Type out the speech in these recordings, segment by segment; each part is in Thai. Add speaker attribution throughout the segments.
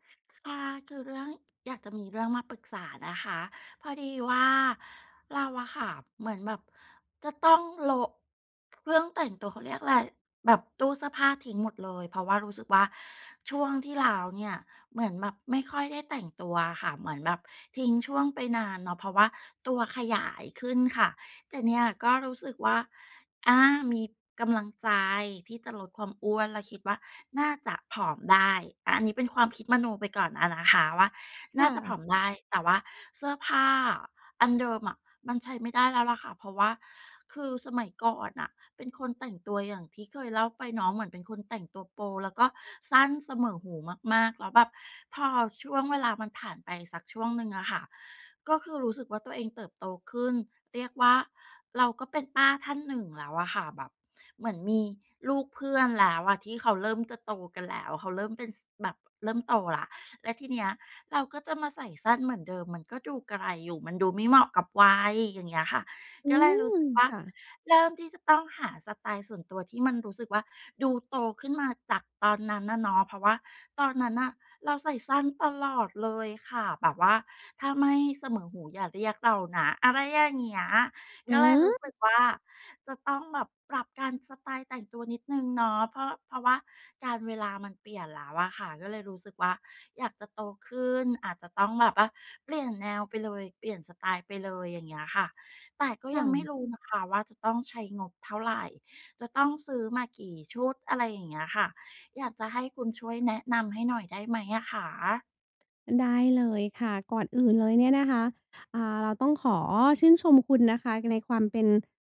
Speaker 1: ค่ะ คือเรื่อง อยากจะมีเรื่องมาปรึกษานะคะ พอดีว่า เราอะค่ะเหมือนแบบจะต้องโละ เครื่องแต่งตัว เขาเรียกอะไร แบบตู้เสื้อผ้าทิ้งหมดเลย เพราะว่ารู้สึกว่า ช่วงที่แล้วเนี่ย เหมือนแบบไม่ค่อยได้แต่งตัวค่ะ เหมือนแบบทิ้งช่วงไปนานเนาะ เพราะว่าตัวขยายขึ้นค่ะ แต่เนี่ยก็รู้สึกว่า อา มีกำลังใจที่จะลดความอ้วน แล้วคิดว่าน่าจะผอมได้ อะ อันนี้เป็นความคิดมโนไปก่อนอะนะคะว่า
Speaker 2: ค
Speaker 1: น่า
Speaker 2: ่
Speaker 1: จะผ
Speaker 2: ะ
Speaker 1: อมได้ แต่ว่าเสื้อผ้าอันเดิมอะ มันใช้ไม่ได้แล้วแหละค่ะ เพราะว่าคือสมัยก่อนน่ะ เป็นคนแต่งตัวอย่างที่เคยเล่าไปเนาะ เหมือนเป็นคนแต่งตัวโป๊ แล้วก็สั้นเสมอหูมาก ๆ แล้วแบบพอช่วงเวลามันผ่านไปสักช่วงหนึ่งอะค่ะ ก็คือรู้สึกว่าตัวเองเติบโตขึ้น เรียกว่าเราก็เป็นป้าท่านหนึ่งแล้วอะค่ะ แบบเหมือนมีลูกเพื่อนแล้วอะ ที่เขาเริ่มจะโตกันแล้ว เขาเริ่มเป็น ส แบบเริ่มโตแล้ว แล้วทีเนี้ย เราก็จะมาใส่สั้นเหมือนเดิมมันก็ดูกระไรอยู่ มันดูไม่เหมาะกับวัย อย่างเงี้ยค่ะ
Speaker 2: อื
Speaker 1: ก็เลยรู้
Speaker 2: ม
Speaker 1: สึกว่า
Speaker 2: ค่ะ
Speaker 1: เริ่มที่จะต้องหาสไตล์ส่วนตัวที่มันรู้สึกว่า ดูโตขึ้นมาจากตอนนั้นน่ะเนาะ เพราะว่าตอนนั้นน่ะเราใส่สั้นตลอดเลยค่ะ แบบว่าถ้าไม่เสมอหูอย่าเรียกเรานะ อะไรอย่างเงี้ย
Speaker 2: อ
Speaker 1: ก
Speaker 2: ื้
Speaker 1: ็เลยร
Speaker 2: อ
Speaker 1: ู้ส
Speaker 2: ฮ
Speaker 1: ึ
Speaker 2: ื
Speaker 1: ก
Speaker 2: อ!
Speaker 1: ว่า จะต้องแบบปรับการ สไตล์แต่งตัวนิดหนึ่งเนาะ เพราะ เพราะว่ากาลเวลามันเปลี่ยนแล้วอะค่ะ ก็เลยรู้สึกว่าอยากจะโตขึ้น อาจจะต้องแบบว่าเปลี่ยนแนวไปเลย เปลี่ยนสไตล์ไปเลยอย่างเงี้ยค่ะ แต่ก็
Speaker 2: ค
Speaker 1: ย
Speaker 2: ่
Speaker 1: ังไม่
Speaker 2: ะ
Speaker 1: รู้นะคะว่าจะต้องใช้งบเท่าไร จะต้องซื้อมากี่ชุด อะไรอย่างเงี้ยค่ะ อยากจะให้คุณช่วยแนะนำให้หน่อยได้ไหมอะคะ?
Speaker 2: ได้เลยค่ะ ก่อนอื่นเลยเนี่ยนะคะ อ่า เราต้องขอชื่นชมคุณนะคะในความเป็น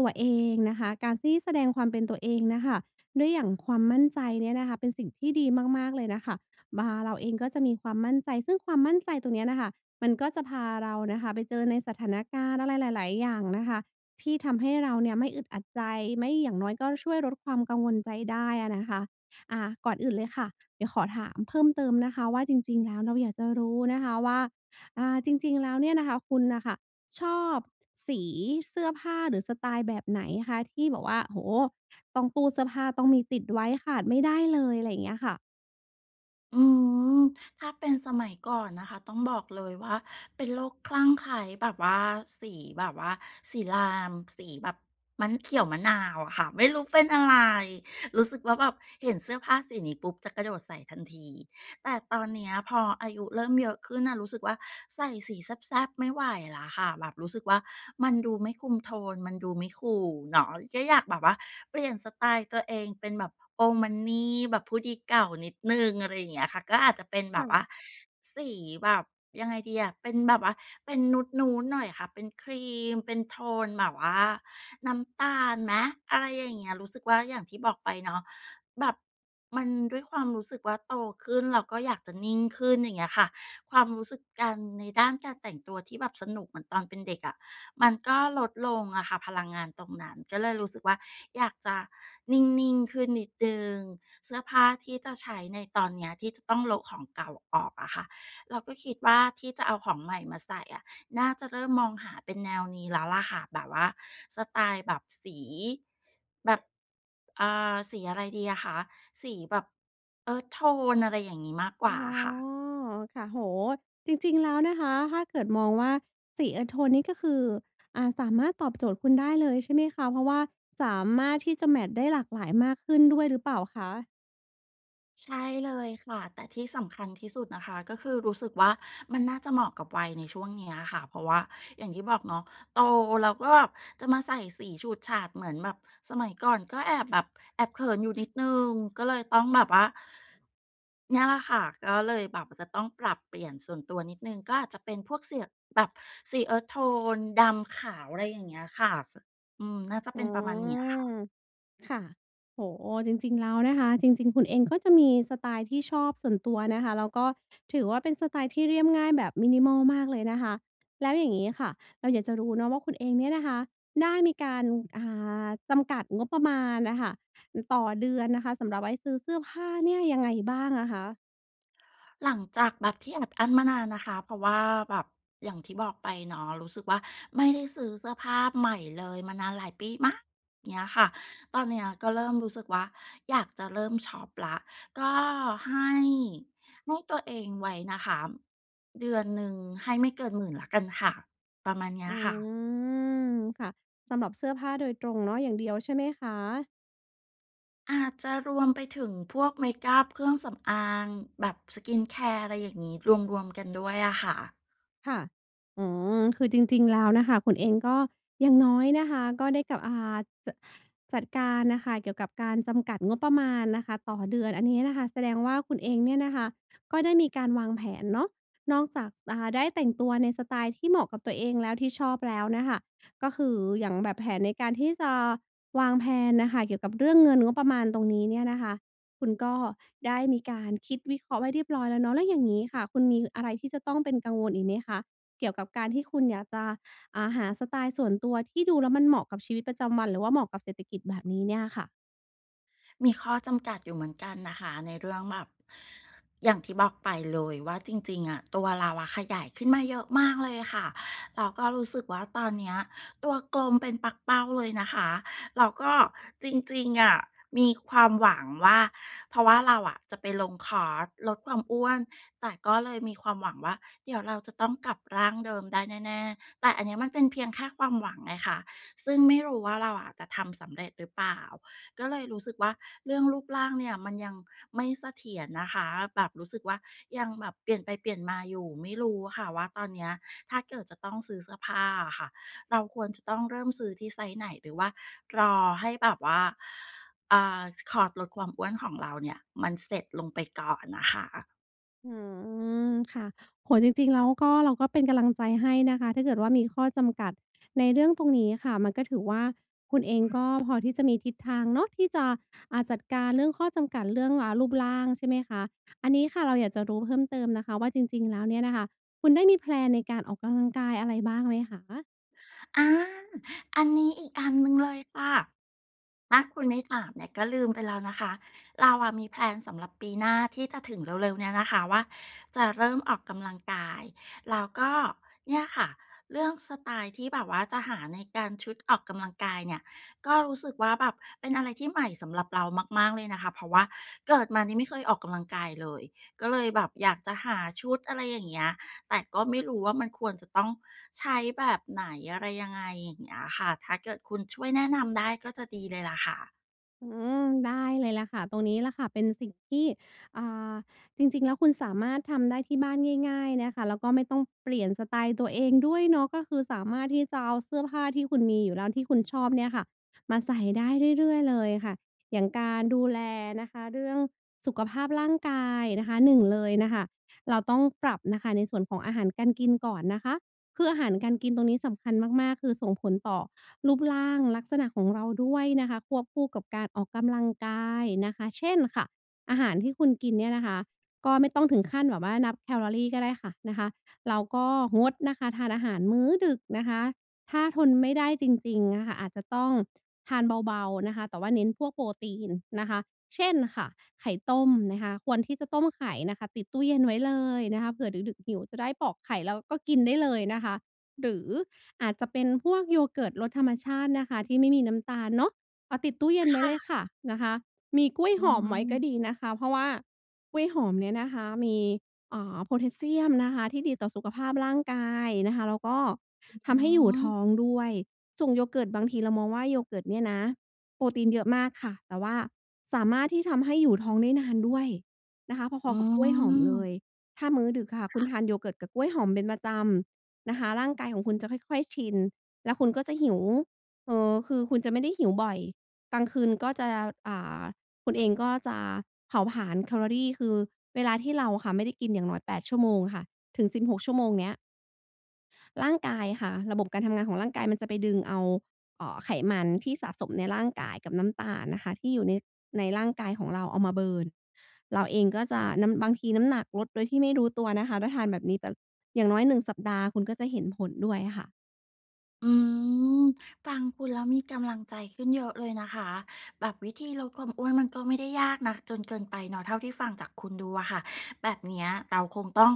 Speaker 2: ตัวเองนะคะ การซี่แสดงความเป็นตัวเองน่ะค่ะ ด้วย อย่างความมั่นใจเนี่ยนะคะ เป็นสิ่งที่ดีมาก ๆ เลยน่ะค่ะ บา เราเองก็จะมีความมั่นใจ ซึ่งความมั่นใจตรงเนี้ยน่ะค่ะ มันก็จะพาเราน่ะค่ะไปเจอในสถานการณ์อะไรหลาย ๆ อย่างนะคะ ที่ทำให้เราเนี่ยไม่อึดอัดใจ ไม่ อย่างน้อยก็ช่วยลดความกังวลใจได้อะนะคะ อ่า ก่อนอื่นเลยค่ะ เดี๋ยวขอถามเพิ่มเติมนะคะว่า จริง ๆ แล้ว เราอยากจะรู้นะคะว่า อ่า จริง ๆ แล้วเนี่ยนะคะ คุณน่ะค่ะชอบสีเสื้อผ้าหรือสไตล์แบบไหนคะ? ที่แบบว่า โอ้โฮ ต้อง ตู้เสื้อผ้าต้องมีติดไว้ ขาดไม่ได้เลย อะไรอย่างเงี้ยค่ะ
Speaker 1: อืม ถ้าเป็นสมัยก่อนนะคะ ต้องบอกเลยว่าเป็นโรคคลั่งไคล้แบบว่าสีแบบว่า สี ไลม์ สีแบบ มันเขียวมะนาวอะค่ะ ไม่รู้เป็นอะไร รู้สึกว่าแบบเห็นเสื้อผ้าสีนี้ปุ๊บ จะกระโดดใส่ทันที แต่ตอนเนี้ยพออายุเริ่มเยอะขึ้นน่ะรู้สึกว่า ใส่สีแซ่บ ๆ ไม่ไหวแล้วค่ะ แบบรู้สึกว่ามันดูไม่คุมโทน มันดูไม่ คูล เนาะ ก็อยากแบบว่าเปลี่ยนสไตล์ตัวเองเป็นแบบ โอลด์มันนี แบบผู้ดีเก่านิดหนึ่ง อะไรเงี้ยค่ะ ก็อาจจะเป็นแ
Speaker 2: ค
Speaker 1: บบว
Speaker 2: ่
Speaker 1: ่า
Speaker 2: ะ
Speaker 1: สีแบบ ยังไงดีอ่ะ เป็นแบบว่าเป็นนูด ๆ หน่อยค่ะ เป็นครีม เป็นโทนแบบว่าน้ำตาลไหม? อะไรอย่างเงี้ย รู้สึกว่า อย่างที่บอกไปเนาะ แบบมันด้วยความรู้สึกว่าโตขึ้น เราก็อยากจะนิ่งขึ้น อย่างเงี้ยค่ะ ความรู้สึกการ ในด้านการแต่งตัวที่แบบสนุกเหมือนตอนเป็นเด็กอะ มันก็ลดลงอะค่ะ พลังงานตรงนั้น ก็เลยรู้สึกว่า อยากจะนิ่ง ๆ ขึ้นนิดหนึ่ง เสื้อผ้าที่จะใช้ในตอนเนี้ย ที่จะต้องโละของเก่าออกอะค่ะ เราก็คิดว่าที่จะเอาของใหม่มาใส่อะ น่าจะเริ่มมองหาเป็นแนวนี้แล้วแหละค่ะ แบบว่าสไตล์แบบสี แบบ เอ่อ สีอะไรดีอะคะ? สีแบบ earth tone อะไรอย่างงี้มากก
Speaker 2: อ
Speaker 1: ว
Speaker 2: ๋
Speaker 1: ่า
Speaker 2: อ
Speaker 1: อะค่ะ
Speaker 2: ค่ะ โอ้โฮ จริง ๆ แล้วนะคะ ถ้าเกิดมองว่าสี earth tone นี้ก็คือ อ่า สามารถตอบโจทย์คุณได้เลยใช่ไหมคะ? เพราะว่าสามารถที่จะแมตช์ได้หลากหลายมากขึ้นด้วยหรือเปล่าคะ?
Speaker 1: ใช่เลยค่ะ แต่ที่สำคัญที่สุดนะคะ ก็คือรู้สึกว่า มันน่าจะเหมาะกับวัยในช่วงเนี้ยอะค่ะ เพราะว่าอย่างที่บอกเนาะ โตแล้ว ก็แบบ จะมาใส่สีฉูดฉาดเหมือนแบบสมัยก่อน ก็แอบแบบแอบเขินอยู่นิดหนึ่ง ก็เลยต้องแบบว่า เนี่ยล่ะค่ะ ก็เลยแบบจะต้องปรับเปลี่ยนส่วนตัวนิดหนึ่ง ก็อาจจะเป็นพวกเสี่ย แบบสี earth tone ดำขาว อะไรอย่างเงี้ยค่ะ ส อืม น่าจะ
Speaker 2: อื
Speaker 1: เป็นประมาณนี้อะค่ะ
Speaker 2: ม ค่ะ โอ้โฮ จริง ๆ แล้วนะคะ จริง ๆ คุณเองก็จะมีสไตล์ที่ชอบส่วนตัวนะคะ แล้วก็ถือว่าเป็นสไตล์ที่เรียบง่ายแบบ minimal มากเลยนะคะ แล้วอย่างงี้ค่ะ เราอยากจะรู้เนาะว่า คุณเองเนี่ยนะคะ ได้มีการ อ่า จำกัดงบประมาณอะค่ะ อ ต่อเดือนนะคะ สำหรับไว้ซื้อเสื้อผ้าเนี่ย ยังไงบ้างอะคะ?
Speaker 1: หลังจากแบบที่อัดอั้นมานานนะคะ เพราะว่าแบบอย่างที่บอกไปเนาะ รู้สึกว่าไม่ได้ซื้อเสื้อผ้าใหม่เลยมานานหลายปีมาก เงี้ยค่ะ ตอนเนี้ย ก็เริ่มรู้สึกว่าอยากจะเริ่มช็อปละ ก็ให้ ให้ตัวเองไว้นะคะ เดือนหนึ่งให้ไม่เกิน 10,000 แล้วกันค่ะ ประมาณเนี้
Speaker 2: อื
Speaker 1: ยค่ะ
Speaker 2: ม ค่ะ สำหรับเสื้อผ้าโดยตรงเนาะ อย่างเดียวใช่ไหมคะ?
Speaker 1: อาจจะรวมไปถึงพวกเมกอัป เครื่องสำอาง แบบ skincare อะไรอย่างงี้ รวม ๆ กันด้วยอะค่ะ
Speaker 2: ค่ะ อืม คือจริง ๆ แล้วน่ะค่ะ คุณเองก็ อย่างน้อยนะคะ ก็ได้กับ อ่า จะ จัดการน่ะค่ะเกี่ยวกับการจำกัดงบประมาณนะคะต่อเดือน อันนี้น่ะค่ะแสดงว่าคุณเองเนี่ยน่ะค่ะ ก็ได้มีการวางแผนเนาะ นอกจาก จ อ่า ได้แต่งตัวในสไตล์ที่เหมาะกับตัวเองแล้ว ที่ชอบแล้วน่ะค่ะ ก็คืออย่างแบบแผนในการที่จะวางแพลนน่ะค่ะ เกี่ยวกับเรื่องเงินงบประมาณตรงนี้เนี่ยนะคะ คุณก็ได้มีการคิดวิเคราะห์ไว้เรียบร้อยแล้วเนาะ แล้วอย่างงี้ค่ะ คุณมีอะไรที่จะต้องเป็นกังวลอีกไหมคะ เกี่ยวกับการที่คุณอยากจะ อ่า หาสไตล์ส่วนตัวที่ดูแล้วมันเหมาะกับชีวิตประจำวัน หรือว่าเหมาะกับเศรษฐกิจแบบนี้เนี้ยค่ะ?
Speaker 1: มีข้อจำกัดอยู่เหมือนกันน่ะค่ะ ในเรื่องแบบ อย่างที่บอกไปเลยว่า จริง ๆ อะ ตัวเราอะขยายขึ้นมาเยอะมากเลยค่ะ เราก็รู้สึกว่า ตอนเนี้ยตัวกลมเป็นปักเป้าเลยนะคะ แล้วก็จริง ๆ อะมีความหวังว่า เพราะว่าเราอะจะไปลงคอร์สลดความอ้วน แต่ก็เลยมีความหวังว่า เดี๋ยวเราจะต้องกลับร่างเดิมได้แน่ ๆ แต่อันเนี้ยมันเป็นเพียงแค่ความหวังไงค่ะ ซึ่งไม่รู้ว่าเราอะจะทำสำเร็จหรือเปล่า ก็เลยรู้สึกว่า เรื่องรูปร่างเนี่ยมันยังไม่เสถียรนะคะ แบบรู้สึกว่ายังแบบเปลี่ยนไปเปลี่ยนมาอยู่ ไม่รู้ค่ะว่าตอนเนี้ย ถ้าเกิดจะต้องซื้อเสื้อผ้าอะค่ะ เราควรจะต้องเริ่มซื้อที่ไซซ์ไหน? หรือว่ารอให้แบบว่า เอ่อ คอร์สลดความอ้วนของเราเนี่ย มันเสร็จลงไปก่อนน่ะค่ะ
Speaker 2: อืม ค่ะ โอ้โฮ จริง ๆ แล้วก็เราก็เป็นกำลังใจให้นะคะ ถ้าเกิดว่ามีข้อจำกัดในเรื่องตรงนี้ค่ะ มันก็ถือว่าคุณเองก็พอที่จะมีทิศทางเนาะที่จะ อ่า จัดการเรื่องข้อจำกัดเรื่อง อ่า รูปร่าง ใช่ไหมคะ อันนี้ค่ะเราอยากจะรู้เพิ่มเติมนะคะว่า จริง ๆ แล้วเนี่ยนะคะ คุณได้มีแพลนในการออกกำลังกายอะไรบ้างไหมคะ?
Speaker 1: อา อันนี้อีกอันหนึ่งเลยค่ะ ถ้าคุณไม่ถามเนี่ยก็ลืมไปแล้วนะคะ เราอะมีแพลนสำหรับปีหน้าที่จะถึงเร็ว ๆ เนี้ยนะคะว่า จะเริ่มออกกำลังกาย แล้วก็เนี่ยค่ะ เรื่องสไตล์ที่แบบว่าจะหาในการ ชุดออกกำลังกายเนี่ย ก็รู้สึกว่า แบบเป็นอะไรที่ใหม่สำหรับเรามาก ๆ เลยนะคะ เพราะว่าเกิดมานี่ไม่เคยออกกำลังกายเลย ก็เลยแบบอยากจะหาชุด อะไรอย่างเงี้ย แต่ก็ไม่รู้ว่า มันควรจะต้องใช้แบบไหน อะไรยังไง? อย่างเงี้ยค่ะ ถ้าเกิดคุณช่วยแนะนำได้ก็จะดีเลยล่ะค่ะ
Speaker 2: อืม ได้เลยล่ะค่ะ ตรงนี้แหละค่ะ เป็นสิ่งที่ อ่า จริง ๆ แล้วคุณสามารถทำได้ที่บ้านง่าย ๆ เนี่ยค่ะ แล้วก็ไม่ต้องเปลี่ยนสไตล์ตัวเองด้วยเนาะ ก็คือสามารถที่จะเอาเสื้อผ้าที่คุณมีอยู่แล้ว ที่คุณชอบเนี่ยค่ะ มาใส่ได้เรื่อย ๆ เลยค่ะ อย่างการดูแลนะคะเรื่องสุขภาพร่างกายนะคะ 1 เลยน่ะค่ะ เราต้องปรับน่ะค่ะในส่วนของอาหารการกินก่อนนะคะ คืออาหารการกินตรงนี้สำคัญมาก ๆ คือส่งผลต่อรูปร่างลักษณะของเราด้วยนะคะ ควบคู่กับการออกกำลังกายนะคะ เช่นค่ะ อาหารที่คุณกินเนี่ยนะคะก็ไม่ต้องถึงขั้นแบบว่านับแคลอรีก็ได้ค่ะ นะคะ เราก็งดนะคะทานอาหารมื้อดึกนะคะ ถ้าทนไม่ได้จริง ๆ อะค่ะ อาจจะต้องทานเบา ๆ นะคะ แต่ว่าเน้นพวกโปรตีนนะคะ เช่นค่ะ ไข่ต้มนะคะ ควรที่จะต้มไข่นะคะติดตู้เย็นไว้เลยนะคะ เผื่อดึก ๆ หิวจะได้ปอกไข่แล้วก็กินได้เลยนะคะ หรืออาจจะเป็นพวก yogurt รสธรรมชาตินะคะ ที่ไม่มีน้ำตาลเนาะ เอาติดตู้เย็น
Speaker 1: ค
Speaker 2: ไว้
Speaker 1: ่
Speaker 2: เลยค
Speaker 1: ะ
Speaker 2: ่ะ นะคะ มีกล้วย
Speaker 1: อื
Speaker 2: หอมไว้ก็
Speaker 1: ม
Speaker 2: ดีนะคะ เพราะว่ากล้วยหอมเนี่ยนะคะมี อ่า โพแทสเซียมนะคะที่ดีต่อสุขภาพร่างกายนะคะ แล้วก็
Speaker 1: อือฮ
Speaker 2: ทำให้อยู่ท
Speaker 1: ึ
Speaker 2: ้องด้วย ส่ง yogurt บางทีเรามองว่า yogurt เนี่ยนะโปรตีนเยอะมากค่ะ แต่ว่าสามารถที่ทำให้อยู่ท้องได้นานด้วยนะคะ พ
Speaker 1: อ
Speaker 2: อ
Speaker 1: ื
Speaker 2: ๆ กับกล้วยหอมเล
Speaker 1: ม
Speaker 2: ย ถ้ามื้อดึกอะค่ะ
Speaker 1: ค
Speaker 2: คุ
Speaker 1: ่
Speaker 2: ณ
Speaker 1: ะ
Speaker 2: ทาน yogurt กับกล้วยหอมเป็นประจำนะคะ ร่างกายของคุณจะค่อย ๆ ชิน แล้วคุณก็จะหิว เอ่อ คือคุณจะไม่ได้หิวบ่อย กลางคืนก็จะ อ่า คุณเองก็จะเผาผลาญแคลอรี คือเวลาที่เราอะค่ะไม่ได้กินอย่างน้อย 8 ชั่วโมงค่ะ ถึง 16 ชั่วโมงเนี้ย ร่างกายค่ะ ระบบการทำงานของร่างกายมันจะไปดึงเอา เอ่อ ไขมันที่สะสมในร่างกายกับน้ำตาลนะคะ ที่อยู่ใน ในร่างกายของเรา เอามา เบิร์น เราเองก็จะน้ำ บางทีน้ำหนักลดโดยที่ไม่รู้ตัวนะคะ ถ้าทานแบบนี้แบบ อย่างน้อย 1 สัปดาห์ คุณก็จะเห็นผลด้วยค่ะ
Speaker 1: อืม ฟังคุณแล้วมีกำลังใจขึ้นเยอะเลยนะคะ แบบวิธีลดความอ้วนมันก็ไม่ได้ยากนักจนเกินไปเนาะ เท่าที่ฟังจากคุณดูอะค่ะ แบบเนี้ยเราคงต้อง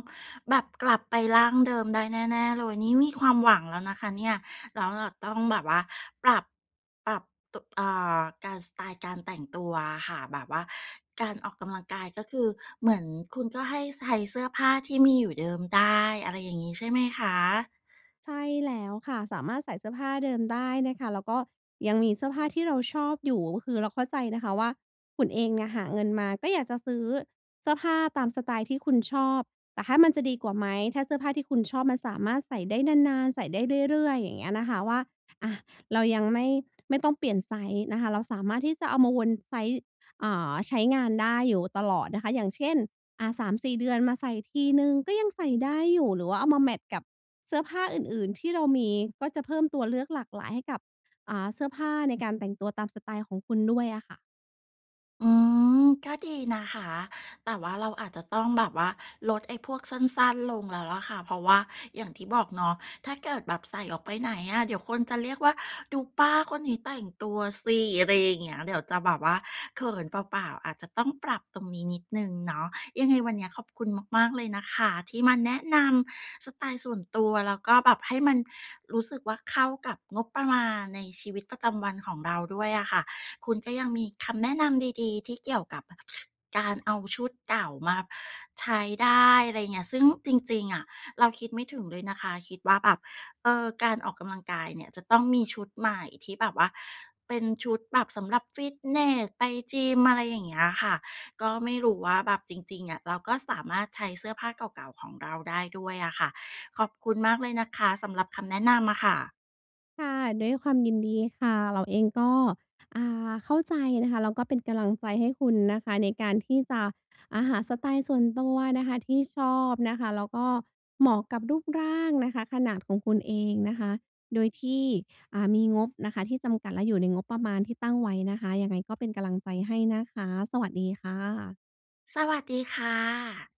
Speaker 1: แบบกลับไปร่างเดิมได้แน่ ๆ เลย นี่มีความหวังแล้วนะคะเนี่ย แล้วเราต้องแบบว่าปรับ ปรับ โตะ อ่า การ สไตล์การแต่งตัวอะค่ะ แบบว่าการออกกำลังกายก็คือ เหมือนคุณก็ให้ไซ้เสื้อผ้าที่มีอยู่เดิมได้ อะไรอย่างงี้ใช่ไหมคะ?
Speaker 2: ใช่แล้วค่ะ สามารถใส่เสื้อผ้าเดิมได้นะคะ แล้วก็ยังมีเสื้อผ้าที่เราชอบอยู่ ก็คือเราเข้าใจนะคะว่า คุณเองเนี่ยหาเงินมาก็อยากจะซื้อเสื้อผ้าตามสไตล์ที่คุณชอบ แต่ถ้ามันจะดีกว่าไหม? ถ้าเสื้อผ้าที่คุณชอบมันสามารถใส่ได้นาน ๆ ใส่ได้เรื่อย ๆ อย่างเงี้ยนะคะ ว่า อะ เรายังไม่ ไม่ต้องเปลี่ยนไซซ์นะคะ เราสามารถที่จะเอามาวนไซซ์ อ่า ใช้งานได้อยู่ตลอดนะคะ อย่างเช่น อะ 3-4 เดือนมาใส่ทีหนึ่งก็ยังใส่ได้อยู่ หรือว่าเอามาแมตช์กับเสื้อผ้าอื่น ๆ ที่เรามี ก็จะเพิ่มตัวเลือกหลากหลายให้กับ อ่า เสื้อผ้าในการแต่งตัวตามสไตล์ของคุณด้วยอะค่ะ
Speaker 1: อืม ก็ดีนะคะ แต่ว่าเราอาจจะต้องแบบว่าลดไอ้พวกสั้น ๆ ลงแล้วแหละค่ะ เพราะว่าอย่างที่บอกเนาะ ถ้าเกิดแบบใส่ออกไปไหนอะเดี๋ยวคนจะเรียกว่า "ดูป้าคนนี้แต่งตัวสิ" อะไรอย่างเงี้ย เดี๋ยวจะแบบว่าเขินเปล่า ๆ อาจจะต้องปรับตรงนี้นิดหนึ่งเนาะ ยังไงวันเนี้ยขอบคุณมาก ๆ เลยนะคะ ที่มาแนะนำสไตล์ส่วนตัว แล้วก็แบบให้มันรู้สึกว่าเข้ากับงบประมาณในชีวิตประจำวันของเราด้วยอะค่ะ คุณก็ยังมีคำแนะนำดี ๆ ที่เกี่ยวกับการเอาชุดเก่ามาใช้ได้ อะไรอย่างเงี้ย ซึ่งจริง ๆ อะ เราคิดไม่ถึงเลยนะคะ คิดว่าแบบ เออ การออกกำลังกายเนี่ยจะต้องมีชุดใหม่ ที่แบบว่าเป็นชุดแบบสำหรับฟิตเนส ไปจิม อะไรอย่างเงี้ยค่ะ ก็ไม่รู้ว่าแบบจริง ๆ อะ เราก็สามารถใช้เสื้อผ้าเก่า ๆ ของเราได้ด้วยอะค่ะ ขอบคุณมากเลยนะคะ สำหรับคำแนะนำอะค่ะ
Speaker 2: ค่ะ ด้วยความยินดีค่ะ เราเองก็ อ่า เข้าใจนะคะ แล้วก็เป็นกำลังใจ ให้คุณนะคะ ในการที่จะ อ่า หาสไตล์ส่วนตัวนะคะ ที่ชอบนะคะ แล้วก็เหมาะกับรูปร่างนะคะ ขนาดของคุณเองนะคะ โดยที่ อ่า มีงบนะคะที่จำกัด และอยู่ในงบประมาณที่ตั้งไว้นะคะ ยังไงก็เป็นกำลังใจ ให้นะคะ สวัสดีค่ะ
Speaker 1: สวัสดีค่ะ